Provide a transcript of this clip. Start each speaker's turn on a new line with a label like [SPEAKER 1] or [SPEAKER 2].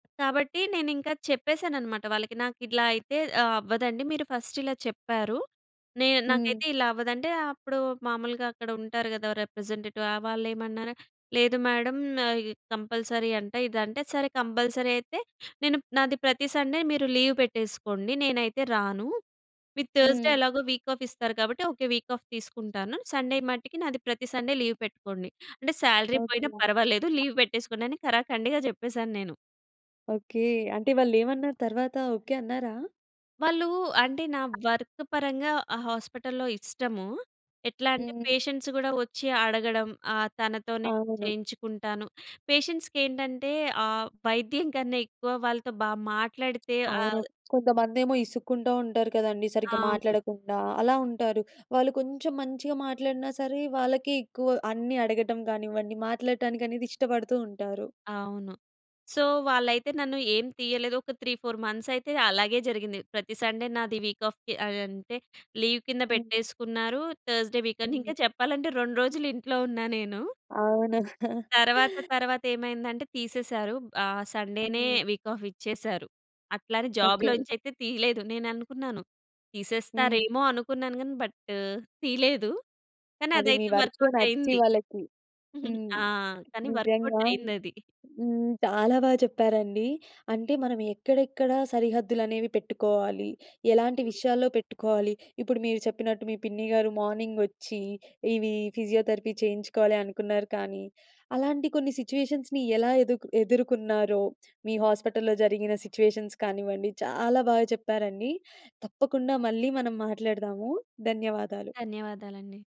[SPEAKER 1] కాబట్టి నేను ఇంకా చెప్పేసాననమాట వాళ్ళకి. నాకు ఇట్లా అయితే ఆహ్, అవ్వదండి. మీరు ఫస్ట్ ఇలా చెప్పారు. నేను
[SPEAKER 2] హ్మ్.
[SPEAKER 1] నాకైతే ఇలా అవ్వదంటే. అప్పుడు మామూలుగా అక్కడ ఉంటారు కదా! రిప్రజెంటేటివ్. ఆ వాళ్ళేమన్నార. లేదు మేడం. కంపల్సరీ అంట ఇదంటే. సరే కంపల్సరీ అయితే నేను నాది ప్రతి సండే మీరు లీవ్ పెట్టేసుకోండి. నేనైతే రాను. మీరు థర్స్‌డే
[SPEAKER 2] హ్మ్.
[SPEAKER 1] ఎలాగో వీక్ ఆఫ్ ఇస్తారు కాబట్టి. ఓకే. వీక్ ఆఫ్ తీసుకుంటాను. సండే మట్టికి నాది ప్రతి సండే లీవ్ పెట్టుకోండి. అంటే సాలరీ
[SPEAKER 2] ఓకే.
[SPEAKER 1] పోయినా పర్వాలేదు. లీవ్ పెట్టేసుకోండి అని ఖరాకండిగా చెప్పేసాను నేను.
[SPEAKER 2] ఓకే. అంటే వాళ్ళు ఏమన్నారు తరువాత. ఓకే అన్నారా?
[SPEAKER 1] వాళ్ళు అంటే నా వర్క్ పరంగా ఆ హాస్పిటల్‌లో ఇష్టము. ఎట్లా అంటే
[SPEAKER 2] హ్మ్.
[SPEAKER 1] పేషెంట్స్ కూడా వచ్చి అడగడం. ఆహ్, తనతోనే
[SPEAKER 2] అవును.
[SPEAKER 1] చేయించుకుంటాను. పేషెంట్స్‌కి ఏంటంటే ఆహ్, వైద్యం కన్నా ఎక్కువ వాళ్ళతో బా మాట్లాడితే
[SPEAKER 2] అవును.
[SPEAKER 1] ఆహ్
[SPEAKER 2] కొంతమందేమో ఇసుక్కుంటూ ఉంటారు కదండీ. సరిగ్గా
[SPEAKER 1] అవును.
[SPEAKER 2] మాట్లాడకుండా అలా ఉంటారు. వాళ్ళు కొంచెం మంచిగా మాట్లాడినా సరే వాళ్ళకి ఎక్కువ అన్ని అడగటం కానివ్వండి మాట్లాడటానికి అనేది ఇష్టపడుతూ ఉంటారు.
[SPEAKER 1] అవును. సో, వాళ్ళైతే నన్ను ఏం తీయలేదు. ఒక 3, 4 మంత్స్ అయితే అలాగే జరిగింది. ప్రతి సండే నాది వీక్ ఆఫ్‌కి ఆహ్, అంటే లీవ్ కింద
[SPEAKER 2] హ్మ్.
[SPEAKER 1] పెట్టేసుకున్నారు. థర్స్‌డే వీకని
[SPEAKER 2] హ్మ్.
[SPEAKER 1] ఇంకా చెప్పాలంటే 2 రోజులు ఇంట్లో ఉన్నా నేను.
[SPEAKER 2] అవును.
[SPEAKER 1] తరువాత తరువాత ఏమైందంటే తీసేసారు. ఆహ్, సండే‌నే
[SPEAKER 2] హ్మ్.
[SPEAKER 1] వీక్ ఆఫ్ ఇచ్చేసారు. అట్లానే
[SPEAKER 2] ఓకే.
[SPEAKER 1] జాబ్‌లోచయితే తీయలేదు. నేను అనుకున్నాను.
[SPEAKER 2] హ్మ్.
[SPEAKER 1] తీసేస్తారేమో అనుకున్నాను కానీ బట్ తీయలేదు. కానీ
[SPEAKER 2] అది మీ
[SPEAKER 1] అదైతే
[SPEAKER 2] వర్క్‌లో
[SPEAKER 1] వర్క్‌అవుట్
[SPEAKER 2] నచ్చి
[SPEAKER 1] అయింది.
[SPEAKER 2] వాళ్ళకి హ్మ్.
[SPEAKER 1] ఆ! కానీ వర్క్‌అవుట్
[SPEAKER 2] నిజంగా.
[SPEAKER 1] అయిందది.
[SPEAKER 2] హ్మ్. చాలా బా చెప్పారండి. అంటే మనం ఎక్కడెక్కడ సరిహద్దులు అనేవి పెట్టుకోవాలి, ఎలాంటి
[SPEAKER 1] హ్మ్.
[SPEAKER 2] విషయాల్లో పెట్టుకోవాలి. ఇప్పుడు మీరు చెప్పినట్టు మీ పిన్ని గారు మార్నింగ్ వచ్చి ఇవి ఫిజియోథెరపీ చేయించుకోవాలి అనుకున్నారు కానీ, అలాంటి కొన్ని సిట్యుయేషన్స్‌ని ఎలా ఎదు ఎదుర్కొన్నారో! మీ హాస్పిటల్లో జరిగిన సిట్యుయేషన్స్ కానివ్వండి. చాలా బాగా చెప్పారండి. తప్పకుండా మళ్ళీ మనం మాట్లాడదాము. ధన్యవాదాలు.
[SPEAKER 1] ధన్యవాదాలండి.